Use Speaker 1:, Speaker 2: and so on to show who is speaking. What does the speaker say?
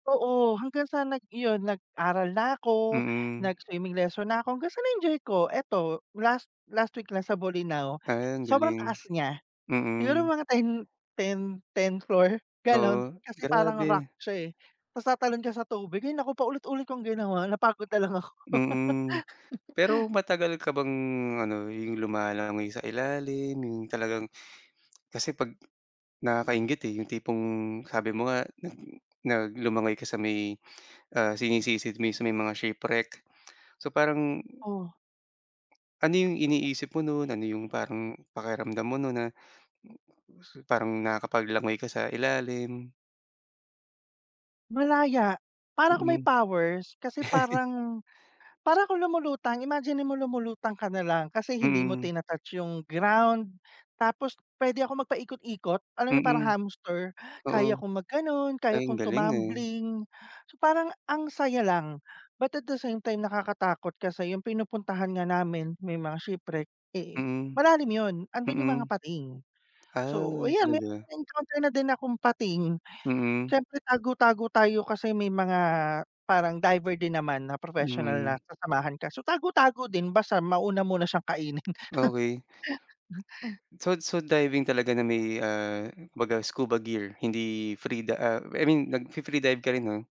Speaker 1: Oo, hanggang sa nag iyon, nag-aral na ako,
Speaker 2: Mm.
Speaker 1: nag-swimming lesson na ako, hanggang sa na-enjoy ko eto, last last week lang sa Bolinao,
Speaker 2: Ah, ang
Speaker 1: sobrang
Speaker 2: galing.
Speaker 1: taas niya, siguro,
Speaker 2: Mm.
Speaker 1: mga 10, 10, 10 floor, ganon,
Speaker 2: Oo,
Speaker 1: kasi parang rock
Speaker 2: grabe.
Speaker 1: siya eh, 'tas tatalon ka sa tubig, ay naku, paulit-ulit kung ginawa, napagod na lang ako.
Speaker 2: Mm. Pero matagal ka bang ano, yung lumalangoy sa ilalim, yung talagang, kasi pag nakaka-inggit eh, yung tipong sabi mo nga nag na lumangoy ka sa may, ah, sinisisid mo sa may mga shipwreck, so parang
Speaker 1: Oh.
Speaker 2: ano yung iniisip mo nun? Ano yung parang pakiramdam mo nun na, parang nakakapag-langoy ka sa ilalim.
Speaker 1: Malaya, para akong may
Speaker 2: Mm.
Speaker 1: powers, kasi parang parang ako lumulutang, imaginin mo, lumulutang ka na lang kasi hindi mo
Speaker 2: Mm.
Speaker 1: tina-touch yung ground, tapos, pwede akong mag-paikot-ikot, alam mo yung parang
Speaker 2: Mm.
Speaker 1: hamster?
Speaker 2: Oo.
Speaker 1: Kaya kong mag-ganon, kaya
Speaker 2: Ay, ang
Speaker 1: kong
Speaker 2: galing, eh.
Speaker 1: tumambling, so parang ang saya lang, but at the same time, nakakatakot kasi yung pinupuntahan nga namin, may mga shipwreck, eh,
Speaker 2: Mm.
Speaker 1: malalim yun, andun yung mga
Speaker 2: Mm.
Speaker 1: pating. So,
Speaker 2: Ah,
Speaker 1: yan, may
Speaker 2: talaga.
Speaker 1: na-encounter na din akong pating,
Speaker 2: Mhm.
Speaker 1: siyempre, tago-tago tayo, kasi may mga parang diver din naman na professional na
Speaker 2: Mm.
Speaker 1: sasamahan ka so tago-tago din, basta mauna muna siyang kainin.
Speaker 2: Okey. So so diving talaga na may, ah, kumbaga scuba gear, hindi free da I mean, nag-fi-free dive ka rin, 'no?